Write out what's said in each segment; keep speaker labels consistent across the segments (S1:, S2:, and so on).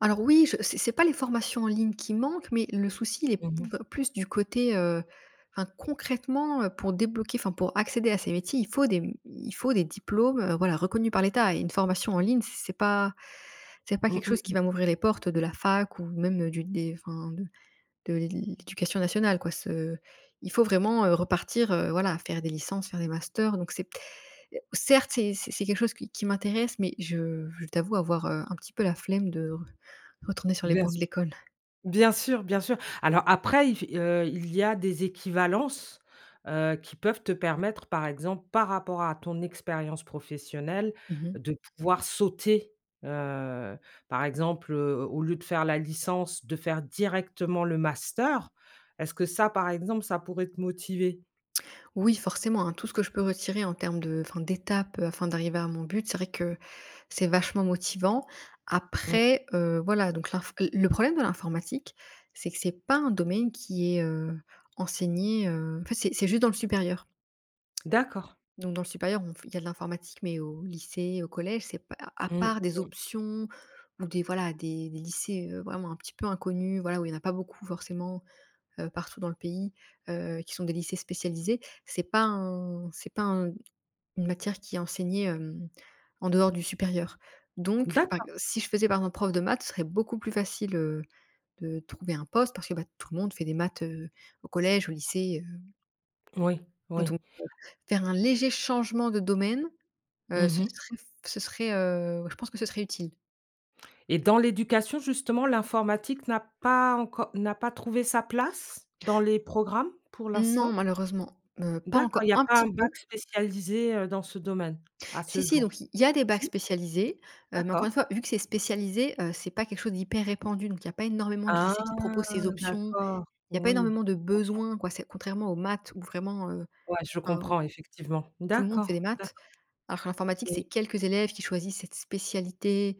S1: Alors oui, je c'est c'est pas les formations en ligne qui manquent, mais le souci, il est p
S2: Mmh mh.
S1: plus du côté, heu enfin concrètement, heu, pour débloquer, enfin pour accéder à ces métiers, il faut des il faut des diplômes, heu, voilà reconnus par l'État et une formation en ligne c'est pas c'est pas
S2: Mmh
S1: quelque
S2: mh
S1: chose
S2: mmh.
S1: qui va m'ouvrir les portes de la fac ou même, heu, du dé enfin de de l'éducation nationale quoi, ce il faut vraiment, heu, repartir, heu, voilà, faire des licences, faire des masters donc c'est certes, c'est c'est quelque chose qui m'intéresse, mais je je t'avoue avoir, heu, un petit peu la flemme de re retourner sur les
S2: Bien
S1: bancs de
S2: sûr.
S1: l'école.
S2: Bien sûr, bien sûr. Alors après, il f heu, il y a des équivalences, heu, qui peuvent te permettre, par exemple, par rapport à ton expérience professionnelle,
S1: Mmh mh.
S2: de pouvoir sauter. Heu, par exemple, heu, au lieu de faire la licence, de faire directement le master. Est-ce que ça, par exemple, ça pourrait te motiver?
S1: Oui forcément, hein, tout ce que je peux retirer en termes de enfin, d'étapes, heu, afin d'arriver à mon but, c'est vrai que c'est vachement motivant.
S2: Mmh.
S1: Après, heu, voilà donc l'info le le problème de l'informatique, c'est que c'est pas un domaine qui est, heu, enseigné, heu, en fait c'est c'est juste dans le supérieur
S2: D'accord.
S1: donc dans le supérieur, on f il y a de l'informatique, mais au lycée, au collège, c'est p à à
S2: Mmh
S1: part des
S2: mh.
S1: options ou des voilà des des lycées, heu, vraiment un petit peu inconnus. Voilà où il y en pas beaucoup forcément, heu, partout dans le pays, heu, qui sont des lycées spécialisés. C'est pas un c'est pas un une matière qui est enseignée, hem, en dehors du supérieur, donc par
S2: D'accord.
S1: ex si je faisais par exemple prof de maths, ce serait beaucoup plus facile, heu, de trouver un poste, parce que bah, tout le monde fait des maths, heu, au collège, au lycée, heu
S2: Oui,
S1: donc
S2: oui.
S1: heu, faire un léger changement de domaine,
S2: Mmh
S1: heu, ce
S2: mh.
S1: serait ce serait, heu, ouais je pense que ce serait utile.
S2: Et dans l'éducation, justement, l'informatique n'a pas encore n'a pas trouvé sa place, dans les programmes, pour
S1: Non,
S2: l'instant?
S1: malheureusement, heu, pas
S2: D'accord, il
S1: encore.
S2: y a
S1: Un
S2: pas
S1: petit
S2: un
S1: peu.
S2: bac spécialisé, heu, dans ce domaine à
S1: Si
S2: ce
S1: si, donc
S2: jour?
S1: il y a des bacs
S2: Si?
S1: spécialisés, heu, mais encore une
S2: D'accord.
S1: fois vu que c'est spécialisé, heu, c'est pas quelque chose d'hyper répandu, donc il y a pas énormément de
S2: Ah,
S1: lycées qui proposent ces options.
S2: d'accord,
S1: Il y a pas
S2: oui,
S1: énormément de
S2: je comprends.
S1: besoins quoi, c'est contrairement aux maths où vraiment, heu,
S2: Ouais je
S1: hein,
S2: comprends effectivement.
S1: tout le monde fait des
S2: D'accord, d'acc
S1: maths. Alors que l'informatique, c'est
S2: Oui.
S1: quelques élèves qui choisissent cette spécialité,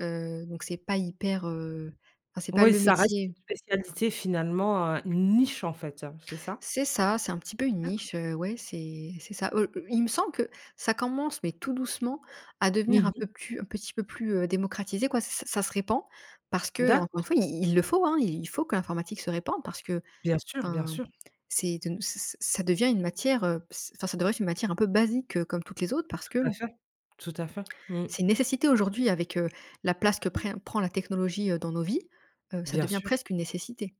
S1: heu, donc c'est pas hyper, heu, enfin c'est pas
S2: Oui,
S1: le
S2: ça reste une
S1: métier.
S2: spécialité finalement, heu, une niche en fait, heu, c'est ça?
S1: C'est ça, c'est un petit peu une
S2: D'accord.
S1: niche, heu, ouais, c'est c'est ça. Oh, i il me semble que ça commence, mais tout doucement, à
S2: Mmh
S1: devenir un
S2: mh.
S1: peu plus un petit peu plus, heu, démocratisé, quoi. Ç ça ça se répand parce que, encore une
S2: D'accord.
S1: fois, i il le faut, hein. Il faut que l'informatique se répande, parce que,
S2: Bien sûr, bien
S1: enfin,
S2: sûr.
S1: c'est de nous c'est c'est ça devient une matière, heu, ce enfin, ça devrait être une matière un peu basique, heu, comme toutes les autres, parce que
S2: Tout à fait, tout à fait, mmh.
S1: c'est une nécessité aujourd'hui, avec, heu, la place que pré prend la technologie, heu, dans nos vies, heu, ça
S2: Bien
S1: devient
S2: sûr.
S1: presque une nécessité.